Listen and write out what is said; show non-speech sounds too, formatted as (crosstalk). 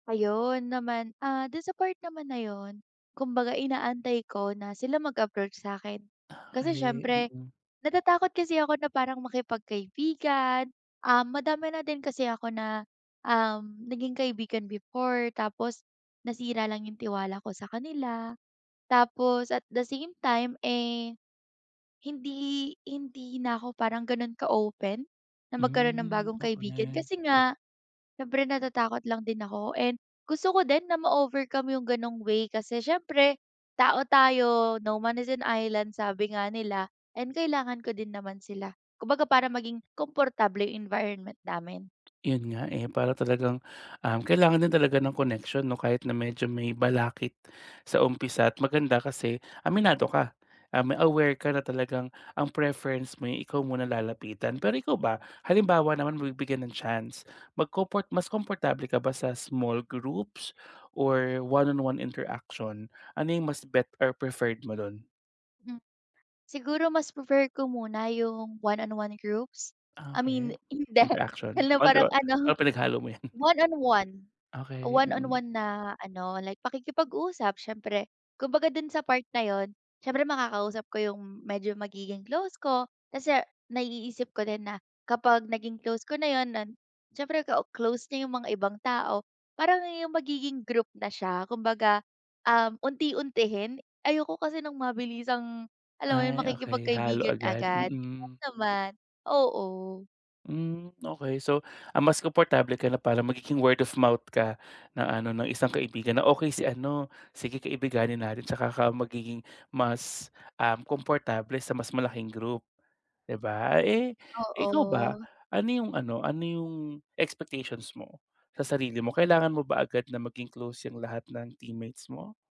Ayun naman, ah, dun sa part naman na yun, kumbaga inaantay ko na sila mag-approach sa akin kasi Okay siyempre, mm. natatakot kasi ako na parang makipag-kaibigan, ah, madami na din kasi ako na, um, naging kaibigan before tapos nasira lang yung tiwala ko sa kanila. Tapos at the same time, eh, hindi, hindi na ako parang ganon ka open na magkaroon ng Hmm, bagong kaibigan okay. kasi nga, siyempre natatakot lang din ako and gusto ko din na ma-overcome yung ganong way kasi siyempre, tao tayo no man is an island sabi nga nila and kailangan ko din naman sila. Kumbaga para maging komportable environment namin. Yun nga, eh, para talagang, ah, kailangan din talaga ng connection no kahit na medyo may balakit sa umpisa at maganda kasi aminado ka, um aware ka na talagang ang preference mo eh ikaw muna lalapitan. Pero ikaw ba halimbawa naman mabibigyan ng chance magkoport mas komportable ka ba sa small groups or one on one interaction ano yung mas bet or preferred mo dun? Hmm. Siguro mas prefer ko muna yung one on one groups. I Okay. mean hindi (laughs) Interaction hala parang (unintelligible) ano. or pinaghalo mo yan? One on one, Okay, one on mm. one na ano like pakikipag-usap siyempre kumbaga dun sa part na yun siyempre makakausap ko yung medyo magiging close ko, kasi naiisip ko din na kapag naging close ko na yun nun. Siyempre ka close niya yung mga ibang tao parang yung magiging group na siya kumbaga um unti-untihin ayoko kasi ng mabilisang, alam mo yung Ay, okay halo makikipag-kaibigan agad, agad mm. huwag naman oo. Hmm, okay so ang mas komportable ka na parang magiging word of mouth ka na ano no isang kaibigan na okay si ano, sige kaibiganin natin tsaka ka magiging mas, um komportable sa mas malaking group di ba? Eh, ikaw ba Oo. ano yung ano ano yung expectations mo sa sarili mo kailangan mo ba agad na maging close yung lahat ng teammates mo?